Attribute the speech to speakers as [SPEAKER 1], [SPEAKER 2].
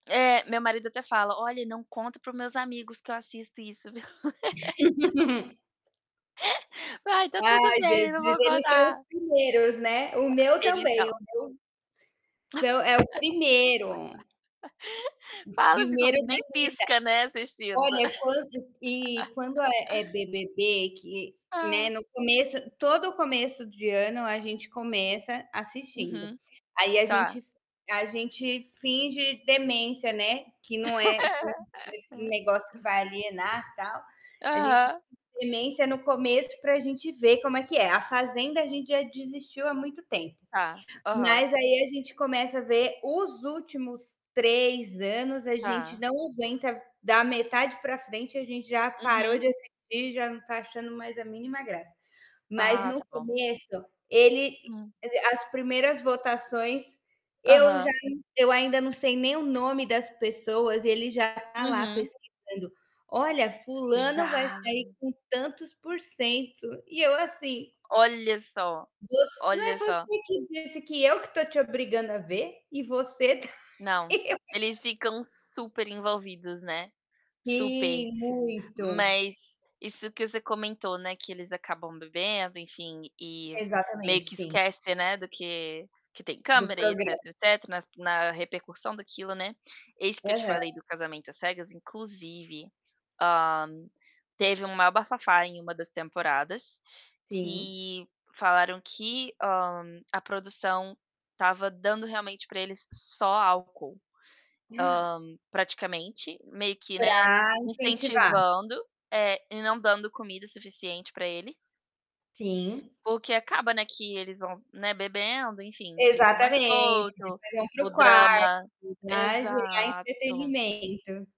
[SPEAKER 1] É, meu marido até fala: "Olha, não conta para os meus amigos que eu assisto isso, viu?" Vai, tá tudo
[SPEAKER 2] Ai,
[SPEAKER 1] bem, não
[SPEAKER 2] Jesus,
[SPEAKER 1] vou
[SPEAKER 2] eles são
[SPEAKER 1] contar.
[SPEAKER 2] os primeiros, né. O meu
[SPEAKER 1] É, eles
[SPEAKER 2] também, o
[SPEAKER 1] são.
[SPEAKER 2] meu são é o 1º.
[SPEAKER 1] Falam
[SPEAKER 2] 1º
[SPEAKER 1] ficam
[SPEAKER 2] da
[SPEAKER 1] nem
[SPEAKER 2] lista.
[SPEAKER 1] pisca, né, assistindo.
[SPEAKER 2] Olha, quando e quando é é BBB, que, né,
[SPEAKER 1] Ah.
[SPEAKER 2] no começo todo começo de ano a gente começa assistindo.
[SPEAKER 1] Uhum,
[SPEAKER 2] Aí a
[SPEAKER 1] tá.
[SPEAKER 2] gente f a gente finge demência, né, que não é que não é um ne negócio que vai alienar, tal. A gente finge
[SPEAKER 1] Aham.
[SPEAKER 2] demência no começo pra gente ver como é que é. A Fazenda a gente já desistiu há muito tempo.
[SPEAKER 1] Tá, aham.
[SPEAKER 2] Mas aí a gente começa a ver os últimos 3 anos, a gente
[SPEAKER 1] Tá.
[SPEAKER 2] não aguenta, da metade pra frente a gente já parou
[SPEAKER 1] Uhum.
[SPEAKER 2] de assistir, já não tá achando mais a mínima graça. Mas
[SPEAKER 1] Ah,
[SPEAKER 2] no
[SPEAKER 1] tá bom.
[SPEAKER 2] começo, ele
[SPEAKER 1] Hum.
[SPEAKER 2] as primeiras votações eu já
[SPEAKER 1] Aham.
[SPEAKER 2] eu ainda não sei nem o nome das pessoas e ele já tá lá
[SPEAKER 1] Uhum.
[SPEAKER 2] pesquisando: "Olha, fulano vai
[SPEAKER 1] Já.
[SPEAKER 2] sair com tantos por cento". E eu assim
[SPEAKER 1] Olha só,
[SPEAKER 2] "Você não
[SPEAKER 1] olha
[SPEAKER 2] é
[SPEAKER 1] só
[SPEAKER 2] você que disse que eu que tô te obrigando a ver? E você tá
[SPEAKER 1] Não,
[SPEAKER 2] e eu"
[SPEAKER 1] eles ficam super envolvidos, né. Super.
[SPEAKER 2] Sim, muito.
[SPEAKER 1] Mas isso que você comentou, né, que eles acabam bebendo, enfim, e
[SPEAKER 2] Exatamente,
[SPEAKER 1] meio que
[SPEAKER 2] sim.
[SPEAKER 1] esquece, né, do que que tem
[SPEAKER 2] Do
[SPEAKER 1] câmera e etc.,
[SPEAKER 2] programa.
[SPEAKER 1] etc., nas na repercussão daquilo, né. Eis que eu te
[SPEAKER 2] Aham.
[SPEAKER 1] falei do Casamento às Cegas, inclusive, ah, teve o maior bafafá em uma das temporadas
[SPEAKER 2] Sim.
[SPEAKER 1] que falaram que, hã, a produção tava dando realmente pra eles só álcool, ah, praticamente meio que, né,
[SPEAKER 2] Pra incentivar.
[SPEAKER 1] incentivando, é, e não dando comida suficiente pra eles
[SPEAKER 2] Sim.
[SPEAKER 1] o que acaba, né, que eles vão, né, bebendo, enfim, fica mais
[SPEAKER 2] Exatamente, vocês
[SPEAKER 1] solto,
[SPEAKER 2] vão para
[SPEAKER 1] o
[SPEAKER 2] o quarto
[SPEAKER 1] drama
[SPEAKER 2] e vai gerar
[SPEAKER 1] exato.
[SPEAKER 2] entretenimento.